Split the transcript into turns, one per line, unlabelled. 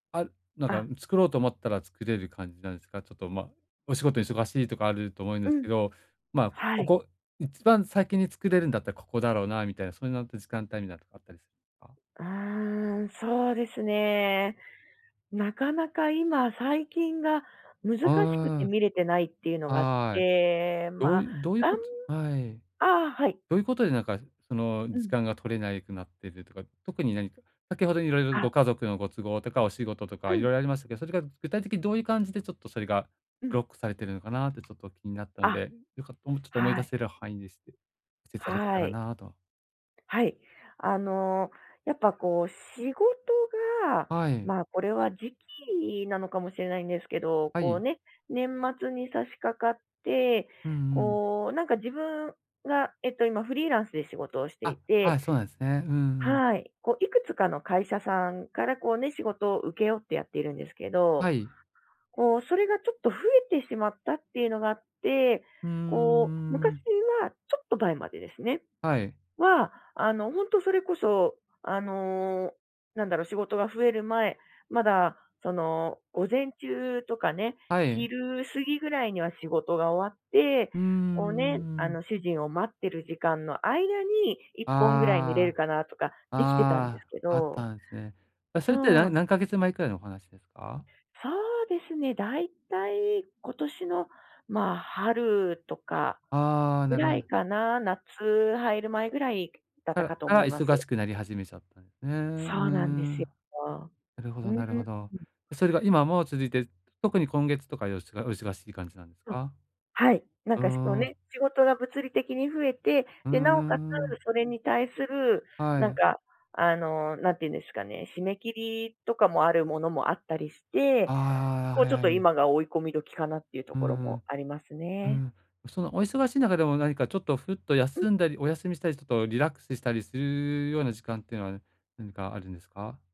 あ、なんか、
あ。
ん、作ろうと思ったら作れる感じなんですか？ちょっと、ま、お仕事忙しいとかあると思うん
う
ですけ
ん。
ど、まあ、
は
こ
い。
こ、一番先に作れるんだったら、ここだろうなみたいな、そういうのと、時間帯みないなのとか、あったりか？
ああ、そうですね。なかなか今最近が難しくて、
あ
見れてないっていうの
あ、
があっ
はい。
て。
ど
ま
う
あ、
いうどういう
がん
ことはい。
ああ、はい。
どういうことで、なんか、その、
う
時
ん。
間が取れないくなってるとか。特に何か先ほどいろいろ、
あ。
ご家族のご都合とかお仕事と
う
か、色
ん。
々ありましたけど、それが具体的にどういう感じで、ちょっとそれが、
う
ブ
ん。
ロックされているのかなって、ちょっと気になったの
あ、
で、よかもうちょっと思い
は
出
い。
せる範囲でしてしていただけた
は
ら
い。
なあと。
はい。あの、やっぱ、こう、仕事が
はい。
まあ、これは時期なのかもしれないんですけど。
は
こう、
い。
ね、年末に差し掛かって
うんうん。
こう、なんか、自分が、えっと、今、フリーランスで仕事をしてい
あ、は
て
い。そうなんすね。うんうん。
はい。こう、いくつかの会社さんから、こうね、仕事を請け負ってやっているんですけど。
はい。
こう、それがちょっと、増えてしまったっていうのがあって。
ふー
こう、
ん、うー
昔
ん。
はちょっと前までですね。
はい。
は、あの、ほんとそれこそ、あの、なんだろう、仕事が増える前まだ、その、午前中とかね、
はい。
昼過ぎぐらいには仕事が終わって、
うーん
こうね、
うー
あ
ん。
の、主人を待ってる時間の間に、1本ぐらい観れる
あ
かなとか、
あ。
できてたんです
ああ。
け
あっ
ど。
たんすね。え、それって、
そう。
何何ヶ月前くらいのお話ですか？
そうですね、だいたい今年の、まあ、春とか
ああ、
ぐ
なるほ
らい
ど。
かな。夏入る前ぐらいだっ
か
たかと
ら
思
が
いま
忙
す。
しくなり始めちゃったんすね。うー
そうなんで
ん。
す
な
よ。
るほ
う
ど
ーん。
なるほど。それが今も続いて、特に今月とか、よしがお忙しい感じなんです
あ、
か？
はい。なん
うー
か、しかも
ん。
ね、仕事が物理的に増えて、
う
で、なお
んうん
かつ
うん。
それに対する、
は
なん
い。
か、あの、なんていうんですかね、締め切りとかもあるものもあったりして、
ああ、
こう、ちょっ
は
と、
い。
今が追い込み時かなっていうと
う
ころも、
ん。
あります
う
ね。
ん。そのお忙しい中でも、何かちょっと、ふっと
うん。
休んだり、お休みしたり、ちょっとリラックスしたりするような時間っていうのは、何かあるんですか？